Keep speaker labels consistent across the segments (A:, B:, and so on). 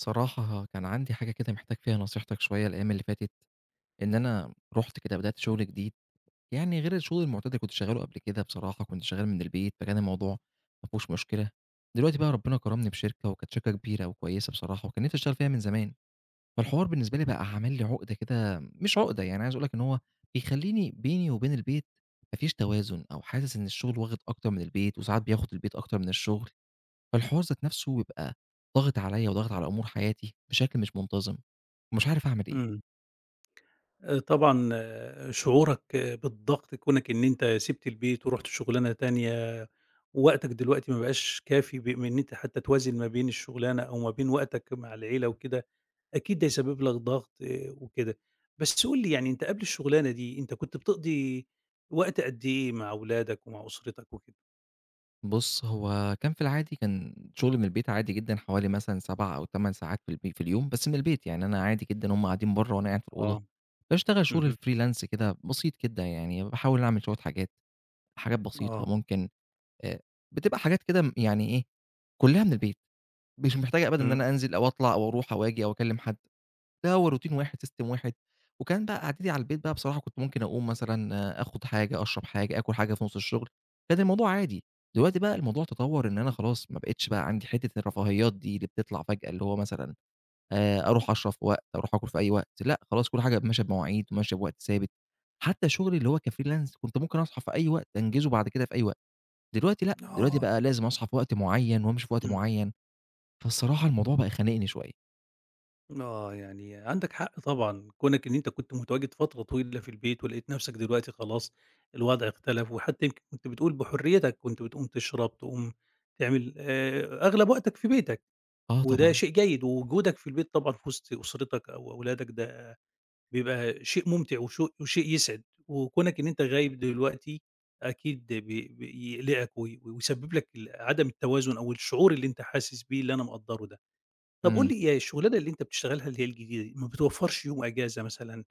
A: صراحة كان عندي حاجة كده، محتاج فيها نصيحتك شوية، الأيام اللي فاتت، إن أنا رُحت كده بدأت شغل جديد، يعني غير الشغل المعتاد اللي كنت شغاله قبل كده، بصراحة كنت شغال من البيت، فكان الموضوع ما فيهوش مشكلة. دلوقتي بقى، ربنا كرمني بشركة، وكانت شركة كبيرة وكويسة بصراحة، وكان نفسي أشتغل فيها من زمان، فالحوار بالنسبة لي بقى عامل لي عقدة كده، مش عقدة يعني، أنا عايز أقول لك إن هو بيخليني بيني وبين البيت ما فيش توازن، أو حاسس إن الشغل واخد أكتر من البيت، وساعات بياخد البيت أكتر من الشغل. فالحوار ذات نفسه يبقى ضاغط عليَّ، وضاغط على أمور حياتي بشكل مش منتظم، ومش عارف أعمل إيه؟
B: امم. آآ طبعًا شعورك بالضغط كونك إن أنت سِبت البيت، ورُحت شغلانة تانية، ووقتك دلوقتي مابقاش كافي ب من أنت حتى توازن ما بين الشغلانة، أو ما بين وقتك مع العيلة وكده، أكيد ده يسبب لك ضغط وكده. بس قُل لي يعني، أنت قبل الشغلانة دي، أنت كنت بتقضي وقت قد إيه مع أولادك، ومع أسرتك وكده؟
A: بُص، هو كان في العادي، كان شغل من البيت عادي جدًا، حوالي مثلًا 7 أو 8 ساعات في الب في اليوم، بس من البيت يعني، أنا عادي جدًا، هُم قاعدين بره، وأنا قاعد في الأوضة
B: آه،
A: باشتغل شغل
B: اهم.
A: الfreelance كده بسيط كده يعني، باحاول أعمل شوية حاجات، حاجات بسيطة،
B: آه.
A: ممكن آآ بتبقى حاجات كده يعني ايه، كلها من البيت، مش محتاجة أبدًا إن
B: امم.
A: أنا أنزل أو أطلع أو أروح أو آجي أو أكلم حد، ده هو روتين واحد، system واحد، وكان بقى قعدتي على البيت بقى، بصراحة كنت ممكن أقوم مثلًا، آخد حاجة، أشرب حاجة، آكل حاجة في نص الشغل، كان الموضوع عادي، دلوقتي بقى الموضوع تطور، إن أنا خلاص ما بقِتش بقى عندي حتة الرفاهيات دي، اللي بتطلع فجأة، اللي هو مثلًا آآ أروح أشرب في وقت، أروح آكل في أي وقت، لأ خلاص، كل حاجة ب ماشية بمواعيد، وماشية بوقت ثابت، حتى شغلي اللي هو كfreelance، كنت ممكن أصحى في أي وقت، أنجزه بعد كده في أي وقت، دلوقتي لأ، دلوقتي
B: آه.
A: بقى لازم أصحى في وقت معين، وأمشي في وقت
B: امم.
A: معين، فالصراحة الموضوع بقى خانقني شوية.
B: آه، يعني عندك حق طبعًا كونك إن أنت كنت متواجد فترة طويلة في البيت، ولقيت نفسك دلوقتي خلاص الوضع اختلف، وحتى يمكن كنت بتقول بحريتك كنت بتقوم تشرب، تقوم تعمل، آآ، أغلب وقتك في بيتك،
A: آه،
B: وده
A: طبعًا.
B: شيء جيد ووجودك في البيت طبعًا في وسط أسرتك، أو أولادك ده بيبقى شيء ممتع وشو وشيء يسعد، وكونك إن أنت غايب دلوقتي، أكيد بي بي يقلقك و ويسبب لك ال عدم التوازن أو الشعور اللي أنت حاسس بيه، اللي أنا مقدره ده. طب قُل
A: إمم.
B: لي هي الشغلانة اللي أنت بتشتغلها، اللي هي الجديدة ما بتوفرش يوم إجازة مثلًا،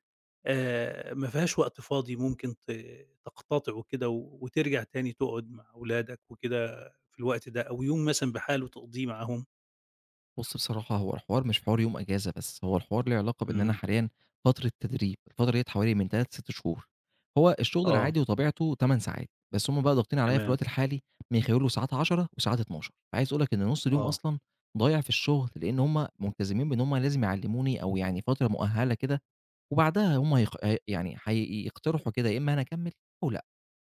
B: آآ، ما فيهاش وقت فاضي ممكن ت تقتطعه وكده وترجع تاني تقعد مع أولادك وكده في الوقت ده، أو يوم مثلًا بحالُه تقضيه معاهم؟
A: بُصّ بصراحة هو الحوار مش حوار يوم إجازة بس، هو الحوار له علاقة بإن أنا
B: إمم.
A: حاليًا فترة تدريب الفترة ديّة حوالي من 3 ل6 شهور، هو الشغل
B: آه.
A: العادي وطبيعته 8 ساعات، بس هم بقى ضاغطين عليَّ في
B: تمام.
A: الوقت الحالي من خلال وساعات 10 وساعات 12 فعايز أقول لك إن نص اليوم
B: آه.
A: أصلًا ضايع في الشغل؛ لأن هم ملتزمين بإن هم لازم يعلموني، أو يعني فترة مؤهلة كده، وبعدها هم هيخ ي يعني هيقترحوا كده يا إما أنا أكمل، أو لأ،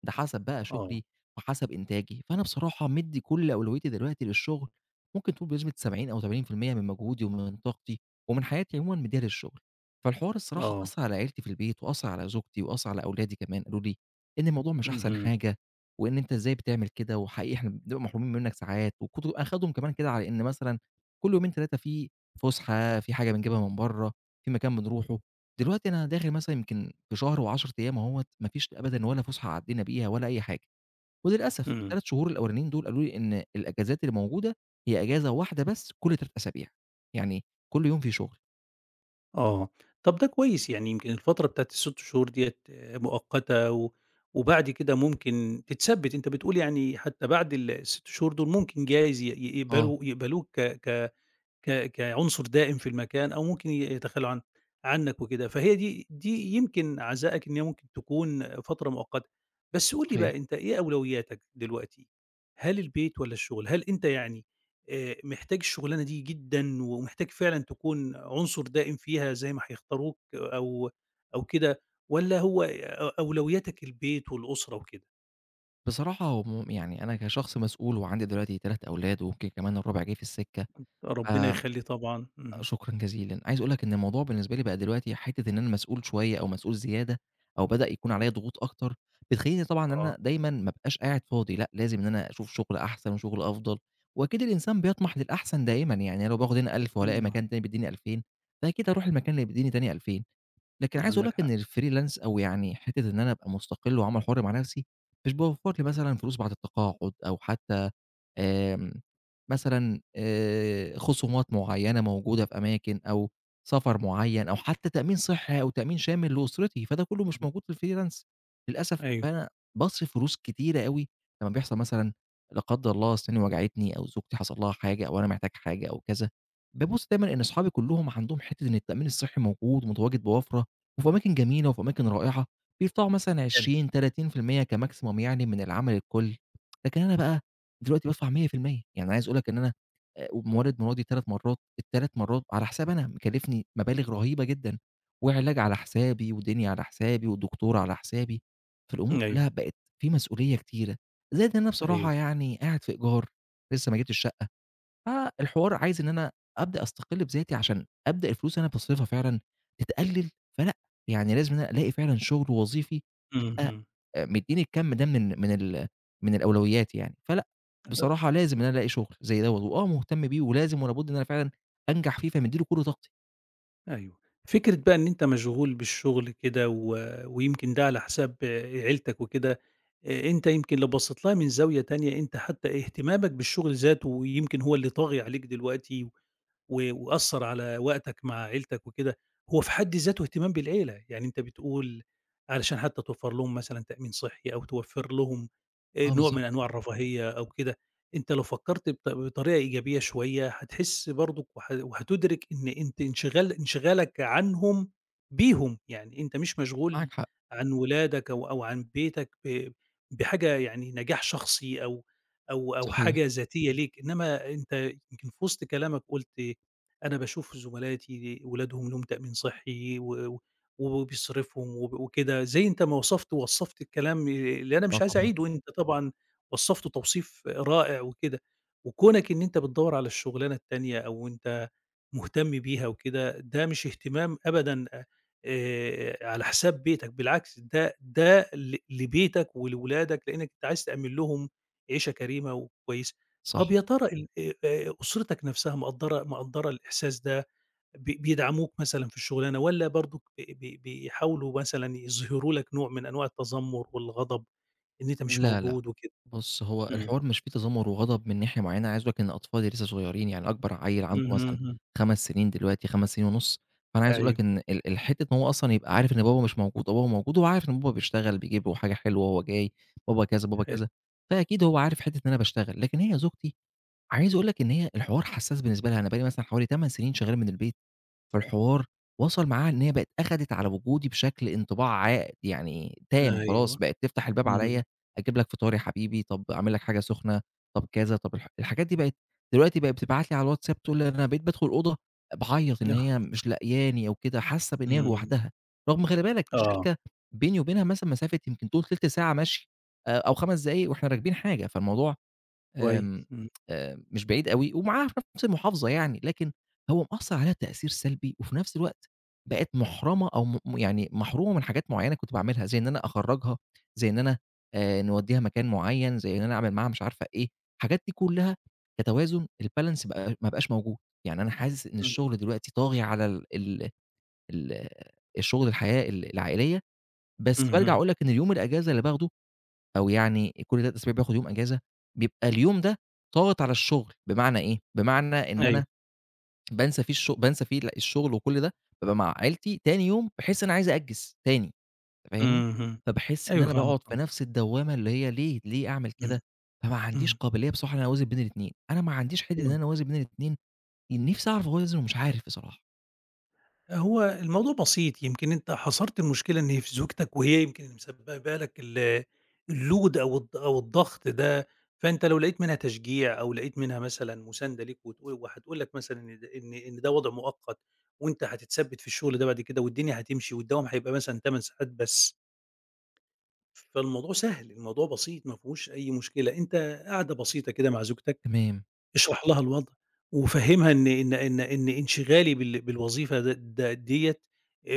A: ده حسب بقى
B: آه.
A: شغلي وحسب إنتاجي، فأنا بصراحة مدي كل أولويتي دلوقتي للشغل ممكن تقول بنسبة 70 أو 80% من مجهودي، ومن طاقتي ومن حياتي عمومًا مديها للشغل. فالحوار الصراحة
B: آه.
A: أثر على عيلتي في البيت، وأثر على زوجتي وأثر على أولادي كمان قالوا لي: "إن الموضوع مش أحسن
B: اهم.
A: حاجة، وإن أنت إزاي بتعمل كده، وحقيقي إحنا بنبقى محرومين منك ساعات" وكنت مأخدهم كمان كده على إن مثلًا كل يومين 3 في فُسحة، في حاجة بنجيبها من برّا، في مكان بنروحه، دلوقتي أنا داخل مثلًا يمكن في شهر و10 أيام أهوة ما فيش أبدًا ولا فسحة عدينا بيها، ولا أي حاجة، وللأسف
B: إمم.
A: ال3 شهور الأولانيين دول قالوا لي إن الإجازات الموجودة، هي إجازة واحدة بس كل 3 أسابيع، يعني كل يوم فيه شغل.
B: آه. طَب ده كويس، يعني يمكن الفترة بتاعة ال6 شهور ديّة مؤقتة و وبعد كده ممكن تتثبِّت، أنت بتقول يعني حتّى بعد ال ال6 شهور دُول ممكن جايز ي ي
A: آه.
B: يقبلوا يقبلوك ك ك ك كعنصر دائم في المكان أو ممكن ي يتخلّوا عن عنك وكده، فهي دي دي يمكن عَزائك إن هي ممكن تكون فترة مؤقتة. بس قُل لي
A: صحيح.
B: بقى، أنت إيه أولويّاتك دلوقتي؟ هل البيت والّا الشغل؟ هل أنت يعني آآ، محتاج الشُغلانة دي جدًا ومحتاج فعلًا تكون عنصر دائم فيها زي ما هيختاروك أو أو كده والّا هو أ أولويّاتك البيت والأسرة وكده؟
A: بصراحة هم يعني أنا كشخص مسؤول وعندي دلوقتي 3 أولاد ويمكن كمان الرابع جاي في السِكّة، ف
B: ربِّنا يخلّي طبعًا، اهم.
A: شكرًا جزيلًا. عايز أقول لك إن الموضوع بالنسبة لي بقى دلوقتي حتّة إن أنا مسؤول شوية أو مسؤول زيادة أو بدأ يكون عليّا
B: اهم.
A: ضغوط أكتر، بتخلّيني طبعًا إن
B: آه.
A: أنا دايمًا ما أبقاش قاعد فاضي لأ، لازم إن أنا أشوف شُغل أحسن وشُغل أفضل، وأكيد الإنسان بيطمَح للأحسن دائمًا. يعني أنا لو باخُد هنا 1000
B: إمم،
A: وألاقي
B: نعم.
A: مكان تاني بيدّيني 2000، فأكيد أروح المكان اللي بيدّيني تاني 2000. لكن عايز أقول لك
B: عندك حق.
A: إن الfreelance أو يعني حتّة إن أنا أبقى مُستَقِل وعمل حُر مع نَفْسي، مش باوفّر لي مثلًا فلوس بعد التقاعُد أو حتّى آآ، مثلًا آآ خصومات معيّنة موجودة في أماكن أو سفر معيّن أو حتّى تأمين صحّي أو تأمين شامل لأسرتي، فده كُلّه مش
B: إمم.
A: موجود في الfreelance. للأسف
B: أيوه.
A: فأنا باصرف فلوس كتيرة أوي لمّا بيحصل مثلًا لا قدَّر الله أسناني وجعتني أو زوجتي حصل لها حاجة أو أنا محتاج حاجة أو كذا، بابُص دايمًا إن أصحابي كُلّهم عندهم حتّة إن التأمين الصحّي موجود ومتواجد بوَفْرَة وفي أماكن جميلة وفي أماكن رائعة، بيدفعوا مثلًا
B: حلو.
A: 20، 30% كmaximum يعني من العمل الكل. لكن أنا بقى دلوقتي بادفع 100%. يعني عايز أقول لك إن أنا آآ مولِّد مراتي 3 مرّات، ال3 مرّات على حسابي أنا مكلِّفني مبالغ رهيبة جدًا وعلاج على حسابي ودنيا على حسابي ودكتور على حسابي، فالأمور كُلّها
B: أيوه.
A: بقت في مسؤولية كتيرة، زائد أنا
B: أيوه.
A: بصراحة يعني قاعد في إيجار لسّه ما جِبتش شقّة، فالحوار عايز إن أنا أبدأ أستَقِل بذاتي عشان أبدأ الفلوس اللي أنا باصرفها فعلًا تتقلِّل، فلأ، يعني لازم إن ألاقي فعلًا شُغل وظيفي يبقى
B: اهم.
A: آآ مدّيني الكَم ده من من ال من الأولويّات يعني. فلأ،
B: [unintelligible]
A: بصراحة لازم إن أنا ألاقي شُغل زي ده و وآه مُهتم بيه ولازم ولا بُد إن أنا فعلًا أنجح فيه، فمدِّي له كل طاقتي.
B: أيوه. فكرة بقى إن أنت مشغول بالشغل كده، و ويمكن ده على حساب عيلتك وكده، آآ أنت يمكن اللي بصّيت لها من زاوية تانية، أنت حتّى اهتمامك بالشغل ذاته، ويمكن هو اللي طاغي عليك دلوقتي، و وأثَّر على وقتك مع عيلتك وكده، هو في حد ذاته اهتمام بالعيلة، يعني أنت بتقول علشان حتّى توفَّر لهم مثلًا تأمين صحي، أو توفَّر لهم آآ
A: آه
B: نوع من
A: بالضبط.
B: أنواع الرفاهية أو كده، أنت لو فكَّرت بط بطريقة إيجابية شويّة، هتحس برضه، وه وهتُدرِك إن أنت انشغال انشغالك عنهم بيهم يعني، أنت مش مشغول
A: معاك حق.
B: عن ولادك أو أو عن بيتك، ب بحاجة يعني نجاح شخصي، أو أو أو
A: صحيح.
B: حاجة ذاتية ليك، إنّما أنت يمكن في وسط كلامك قُلت، أنا باشوف زُمَلاتي أولادهم لهم تأمين صحِّي، و و و وبيصرِفوا، وب وكده، زي أنت ما وصَفت ووصَّفت الكلام، ي اللي أنا
A: آه
B: مش عايز
A: طبعًا.
B: أعيدُه، أنت طبعًا وصَّفته توصيف رائع وكده، وكونَك إن أنت بتدوَّر على الشغلانة التانية، أو أنت مُهتم بيها وكده، ده مش اهتمام أبدًا، أ آآ على حساب بيتك، بالعكس، ده ده ل لبيتك ولولادك، لأنّك أنت عايز تأمِّن لهم عيشة كريمة وكويسة.
A: صح.
B: طَب يا ترى ال آآ، آآ أُسرتَك نَفسها، مقدّرة مقدّرة الإحساس ده، ب بيدعموك مثلًا في الشغلانة، والّا برضه بي بي بيحاولوا مثلًا يظهروا لك نوع من أنواع التذَمُّر والغضب، إن أنت مش
A: لا لأ،
B: موجود وكده.
A: بُص، هو
B: إمم.
A: الحوار مش في تذمُّر وغضب من ناحية معيّنة، عايز أقول لك إن أطفالي لسّه صغيرين، يعني أكبر عيّل عنده
B: اهم
A: مثلًا
B: همم.
A: 5 سنين دلوقتي، 5 سنين ونص، فأنا عايز أقول لك
B: أيوَه.
A: إن ال ال حتّة إن هو أصلًا يبقى عارف إن بابا مش موجود وبابا موجود، هو عارف إن بابا بيشتغل، بيجيب له حاجة حلوة، هو جاي بابا كذا، بابا
B: حِلو.
A: كذا، فأكيد هو عارف حتة إن أنا باشتغل. لكن هي زوجتي، عايز أقول لك إن هي الحوار حساس بالنسبة لها، أنا بقي لي مثلًا حوالي 8 سنين شغّال من البيت، فالحوار وصَل معها إن هي بقت أخدِت على وجودي بشَكل انطباع عا يعني تام، خلاص
B: أيوَه
A: بقت تفتح الباب
B: اهم.
A: عليَّ، أجيب لك فطار يا حبيبي، طَب أعمل لك حاجة سخنة، طَب كذا، طَب الح الحاجات دي، بقت دلوقتي بقى بتبعت لي على الواتساب، تقول لي أنا بقيت بادخل الأوضة باعيَّط، إن هي
B: [unintelligible]
A: مش لقياني أو كده، حاسة إن هي
B: امم.
A: لوحدها، رغم خلِّ بالك
B: آه.
A: الشركة بيني وبينها مثلًا مسافة يمكن تقول تِلت ساعة مَشي، آآ أو 5 دقايق وإحنا راكبين حاجة، فالموضوع، آمم
B: كويس، إمم.
A: آآ مش بعيد أوي، ومعاها في نَفس المحافظة يعني، لكن هو مأثّر عليها تأثير سلبي، وفي نَفس الوقت بقت مُحرَمَة أو مو مو يعني مَحرومَة من حاجات معيّنة كنت باعملها، زي إن أنا أخرّجها، زي إن أنا نودّيها مكان معيّن، زي إن أنا أعمل معاها مش عارفة إيه، الحاجات دي كلّها، كتوازُن الbalance، بقي ما بقاش موجود. يعني أنا حاسس إن
B: امم.
A: الشغل دلوقتي طاغي على ال ال ال الشغل الحياة، ال العائلية، بس بارجَع
B: اهم.
A: أقول لك إن يوم الإجازة اللي باخده، أو يعني إ كل 3 أسابيع باخد يوم إجازة، بيبقى اليوم ده ضاغط على الشغل، بمعنى إيه، بمعنى إن
B: أيوَه.
A: أنا بانسى فيه الش بانسى فيه الشغل وكل ده، بابقى مع عائلتي، تاني يوم باحس إن أنا عايز أأجِّز تاني، فاهمني؟
B: اهم،
A: فباحس إن
B: أيوَه
A: أنا
B: فاهمك
A: باقعُد في
B: آه.
A: نَفس الدوامة، اللي هي ليه، ليه أعمل
B: امم،
A: كده! فما عنديش
B: امم.
A: قابلية بصراحة، إن أنا أوازِن بين الإتنين. أنا ما عنديش حتّة إن
B: امم.
A: أنا أوازِن بين الإتنين، ان نِفسي أعرف أوازِن، ومش عارف بصراحة.
B: هو الموضوع بسيط، يمكن أنت حصرت المشكلة إن هي في زوجتك، وهي يمكن اللي مسببة لك ال الLoad أو الض أو الضغط ده، فأنت لو لقيت منها تشجيع أو لقيت منها مثلًا مساندة ليك، وتقو وهتقول لك مثلًا إن د إن ده وضع مؤقت، وأنت هتتثبْت في الشغل ده بعد كده، والدنيا هتمشي والدوام هيبقى مثلًا 8 ساعات بس. فالموضوع سهل، الموضوع بسيط، ما فيهوش أي مشكلة، أنت قعدة بسيطة كده مع زوجتك،
A: تمام.
B: اشرح لها الوضع وفهِمها إن إن إن إن إنشغالي بال بالوظيفة د د ديّة،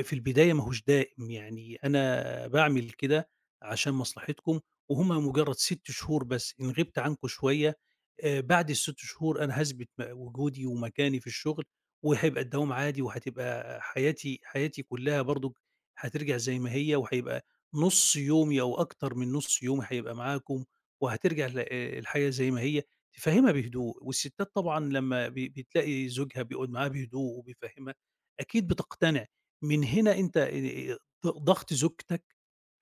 B: في البداية ما هوش دائم، يعني أنا باعمل كده عشان مصلحتكم، وهُم مجرد 6 شهور بس، إن غِبت عنكم شوية، آآ، بعد ال6 شهور أنا هاثبِت م وجودي ومكاني في الشغل، وهيبقى الدوام عادي وهتبقى حياتي حياتي كلها برضه هترجع زي ما هي، وهيبقى نُص يومي أو أكتر من نُص يومي هيبقى معاكم، وهترجع ل آآ، الحاجة زي ما هي، فهِمها بهدوء، والستات طبعًا لمّا ب بتلاقي زوجها بيقعد معاها بهدوء وبيفهِمها، أكيد بتقتنع من هنا أنت، آآ، ض ضغط زوجتك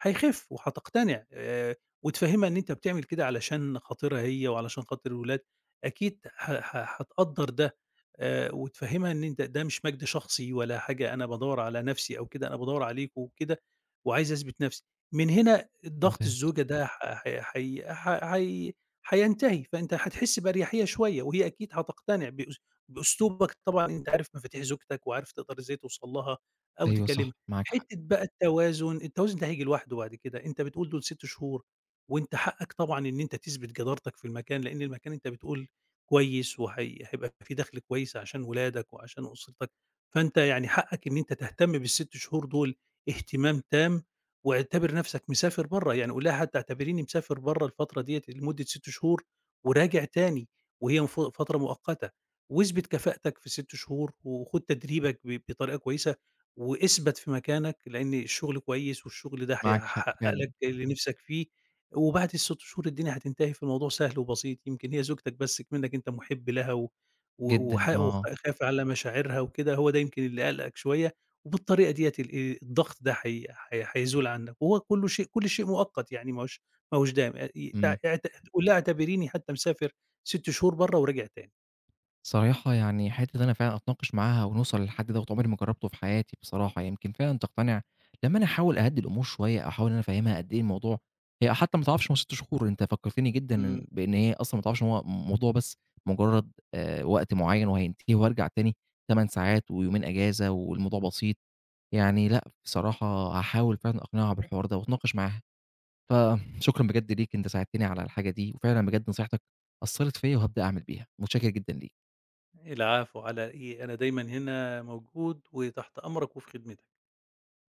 B: هيخف وهتقتنع، آآ، وتفهِمها إن أنت بتعمل كده علشان خاطرها هي، وعلشان خاطر الولاد، أكيد ح ح هتقدر ده، آآ، وتفهِمها إن أنت ده مش مجد شخصي ولا حاجة، أنا بادَوّر على نفْسِي أو كده، أنا بادَوّر عليكم وكده، وعايز أثبِت نفْسِي، من هنا أ ضغط
A: ممتاز.
B: الزوجة ده ح ح حي ح حي حينتهي، فأنت هتحس بأريحية شوية، وهي أكيد هتقتنع بأُس بأُسلوبك، طبعًا أنت عارف مفاتيح زوجتك، وعارف تقدر إزاي توصل لها، أو
A: أيوه
B: تكلمها،
A: صح، معاك حق.
B: حتّة بقى التوازن، التوازن ده هييجي لوحده بعد كده، أنت بتقول دول 6 شهور، وأنت حقك طبعًا إن أنت تثبت جدارتك في المكان، لأن المكان أنت بتقول كويس، وهي هيبقى في دخْل كويس عشان ولادك وعشان أُسرتك، فأنت يعني حقك إن أنت تهتم بال6 شهور دول اهتمام تام، واعتبر نفْسَك مسافر برّه، يعني قُل لها حتى اعتبريني مسافر برَّه الفترة ديّة لمدة 6 شهور وراجع تاني، وهي المف فترة مؤقتة واثبِت كفاءتك في 6 شهور، وخُد تدريبك ب بطريقة كويسة واثبَت في مكانك، لأن الشغل كويس والشغل ده
A: معاك حق
B: هيحقق
A: فعلًا.
B: لك اللي نفْسَك فيه، وبعد ال6 شهور الدنيا هتنتهي، فالموضوع سهل وبسيط، يمكن هي زوجتك بس اكمنك أنت محب لها و و
A: جدًا،
B: وحا
A: آه.
B: وخا خايف على مشاعرها وكده، هو ده يمكن اللي قالقَك شوية، وبالطريقة ديّة ال آآ، الضغط ده هي هي هيزول عنك، وهو كله شيء كله شيء مؤقت يعني ما هوش ما هوش دايم، [unintelligible]
A: امم.
B: اعت قُل لها اعتبريني حتى مسافر 6 شهور برّه وراجع تاني.
A: صراحة يعني حتّة إن أنا فعلًا أتناقش معاها ونوصل للحد دوَّة، عُمْرِي ما جربته في حياتي بصراحة، يمكن فعلًا تقتنع لمّا أنا أحاول أهَدِّي الأمور شوية، أو أحاول إن أنا أفهِمها قد إيه الموضوع هي حتى ما تعرفش هُم 6 شهور، أنت فكرتِني جدًا
B: امم.
A: إن بإن هي أصلًا ما تعرفش إن هو الموضوع بس مجرد، آآ، وقت معيَّن وهينتهي وأرجع تاني 8 ساعات، ويومين أجازة والموضوع بسيط، يعني لأ بصراحة هاحاول فعلًا أقنعها بالحوار ده وأتناقش معاها. فشكرًا بجد ليك أنت ساعدتِني على الحاجة دي، وفعلًا بجد نصيحتك أثّرِت فيَّ وهابدأ أعمل بيها، متشكر جدًا ليك.
B: العفو على إيه، أنا دايمًا هنا موجود وتحت أمرك وفي خدمتك.